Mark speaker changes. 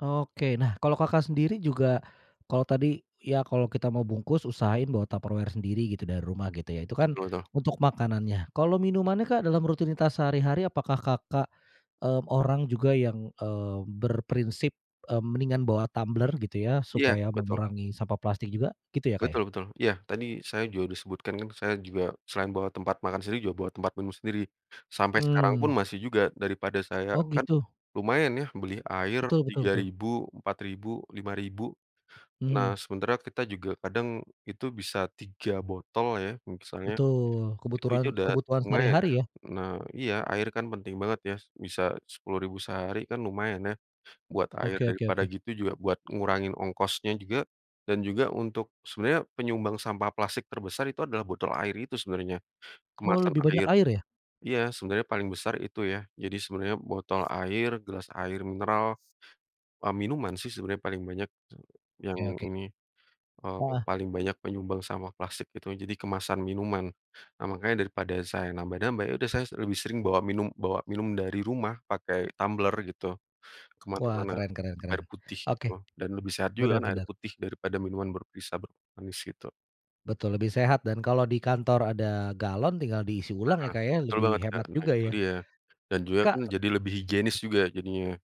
Speaker 1: Oke, nah kalau, Kakak, sendiri juga kalau tadi ya kalau kita mau bungkus usahain bawa Tupperware sendiri gitu dari rumah gitu ya. Itu kan
Speaker 2: Betul, tuh.
Speaker 1: untuk makanannya, kalau minumannya, Kak, dalam rutinitas sehari-hari apakah, Kakak, eee, orang juga yang, eee, berprinsip, mmm, mendingan bawa tumbler gitu ya,
Speaker 2: Iya,
Speaker 1: supaya
Speaker 2: betul.
Speaker 1: mengurangi sampah plastik juga gitu ya, Kak, ya?
Speaker 2: Betul betul, iya tadi saya juga disebutkan kan, saya juga selain bawa tempat makan sendiri juga bawa tempat minum sendiri. Sampai sekarang pun
Speaker 1: Mmm.
Speaker 2: masih juga daripada saya
Speaker 1: Oh,
Speaker 2: kan
Speaker 1: gitu.
Speaker 2: lumayan ya beli air
Speaker 1: Betul betul
Speaker 2: tiga
Speaker 1: betul.
Speaker 2: ribu Rp.4000 Rp.5000.
Speaker 1: Mhm.
Speaker 2: Nah, sementara kita juga kadang itu bisa 3 botol ya. Misalnya,
Speaker 1: Betul,
Speaker 2: itu aja
Speaker 1: kebuturan
Speaker 2: udah
Speaker 1: kebutuhan
Speaker 2: lumayan ya,
Speaker 1: sehari-hari ya.
Speaker 2: nah iya, air kan penting banget ya bisa Rp.10.000 sehari kan lumayan ya buat air
Speaker 1: Oke oke
Speaker 2: daripada
Speaker 1: oke.
Speaker 2: gitu juga buat ngurangin ongkosnya juga dan juga untuk sebenarnya penyumbang sampah plastik terbesar itu adalah botol air itu sebenarnya,
Speaker 1: Oh,
Speaker 2: kemasan
Speaker 1: lebih banyak
Speaker 2: air.
Speaker 1: air ya?
Speaker 2: Iya, sebenarnya paling besar itu ya. Jadi, sebenarnya botol air, gelas air mineral, mmm, minuman sih, sebenarnya paling banyak yang
Speaker 1: Ya, oke.
Speaker 2: ini mmm,
Speaker 1: Heeh.
Speaker 2: paling banyak menyumbang sama plastik itu. Jadi kemasan minuman, nah makanya daripada saya nambah-nambah yaudah saya lebih sering bawa minum bawa minum dari rumah pakai tumbler gitu,
Speaker 1: Wah,
Speaker 2: kemana-mana
Speaker 1: keren keren
Speaker 2: air
Speaker 1: keren,
Speaker 2: putih itu,
Speaker 1: oke,
Speaker 2: dan lebih sehat juga
Speaker 1: benar
Speaker 2: air
Speaker 1: benar.
Speaker 2: putih daripada minuman berbisa bermanis itu.
Speaker 1: Betul, lebih sehat dan kalau di kantor ada galon tinggal diisi ulang
Speaker 2: Heeh,
Speaker 1: ya, Kak, ya
Speaker 2: betul
Speaker 1: lebih
Speaker 2: banget, Kak.
Speaker 1: hemat
Speaker 2: Nah,
Speaker 1: juga
Speaker 2: itu
Speaker 1: ya.
Speaker 2: dia dan juga kan
Speaker 1: Kak t
Speaker 2: jadi lebih higienis juga jadinya.